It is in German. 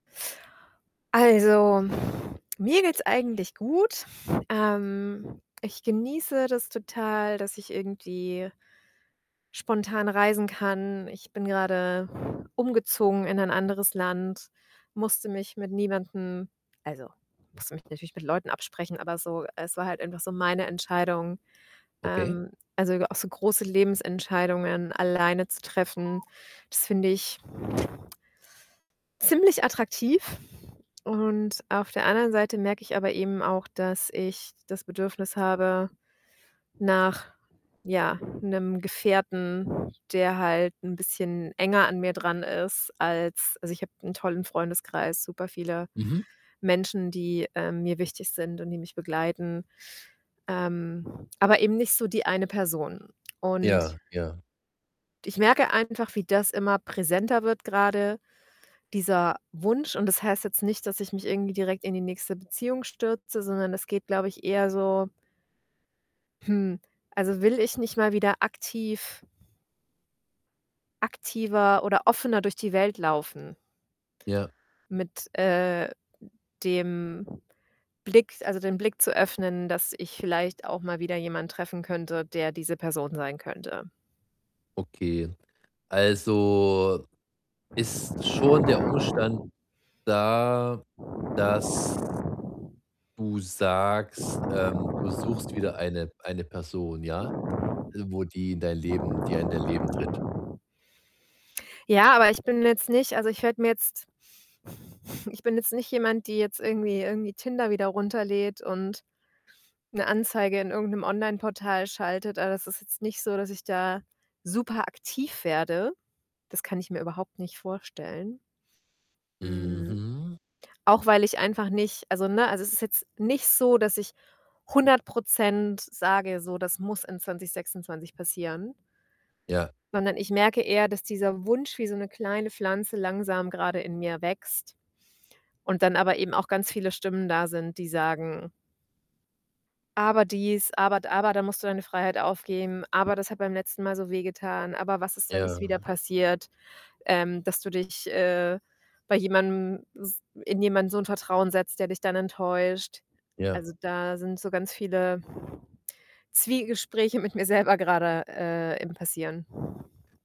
Also, mir geht's eigentlich gut. Ähm, ich genieße das total, dass ich irgendwie spontan reisen kann. Ich bin grade umgezogen in ein anderes Land, musste mich mit niemandem also musste mich natürlich mit Leuten absprechen, aber so es war halt einfach so meine Entscheidung. Okay. Ähm, also auch so große Lebensentscheidungen alleine zu treffen, das finde ich ziemlich attraktiv und auf der anderen Seite merke ich aber eben auch, dass ich das Bedürfnis habe nach, ja, 'nem Gefährten, der halt 'n bisschen enger an mir dran ist als also ich habe 'n tollen Freundeskreis, super viele Mhm. Menschen, die, ähm, mir wichtig sind und die mich begleiten, ähm, aber eben nicht so die eine Person und Ja, ja. ich merke einfach, wie das immer präsenter wird grade, dieser Wunsch, und das heißt jetzt nicht, dass ich mich irgendwie direkt in die nächste Beziehung stürze, sondern es geht, glaube ich, eher so hm, also will ich nicht mal wieder aktiv aktiver oder offener durch die Welt laufen Ja. mit, äh, dem Blick also den Blick zu öffnen, dass ich vielleicht auch mal wieder jemanden treffen könnte, der diese Person sein könnte. Okay. Also ist schon der Umstand da, dass du sagst, ähm, du suchst wieder eine eine Person, ja, äh, wo die in dein Leben die in dein Leben tritt? Ja, aber ich bin jetzt nicht also ich würde mir jetzt ich bin jetzt nicht jemand, die jetzt irgendwie irgendwie Tinder wieder runterlädt und 'ne Anzeige in irgend 'nem Onlineportal schaltet. Alles ist jetzt nicht so, dass ich da superaktiv werde, das kann ich mir überhaupt nicht vorstellen. Mhm. Mhm. Auch weil ich einfach nicht also, ne? Also es ist jetzt nicht so, dass ich 100 % sage: „So, das muss in 2026 passieren” Ja. sondern ich merke eher, dass dieser Wunsch wie so 'ne kleine Pflanze langsam gerade in mir wächst, und dann aber eben auch ganz viele Stimmen da sind, die sagen: „Aber dies, aber da aber, da musst du deine Freiheit aufgeben, aber das hat beim letzten Mal so wehgetan. Aber was ist, wenn es wieder Ja. passiert, ähm, dass du dich, äh, bei jemandem s in jemanden so 'n Vertrauen setzt, der dich dann enttäuscht.” Ja. Also da sind so ganz viele Zwiegespräche mit mir selber gerade, äh, im passieren.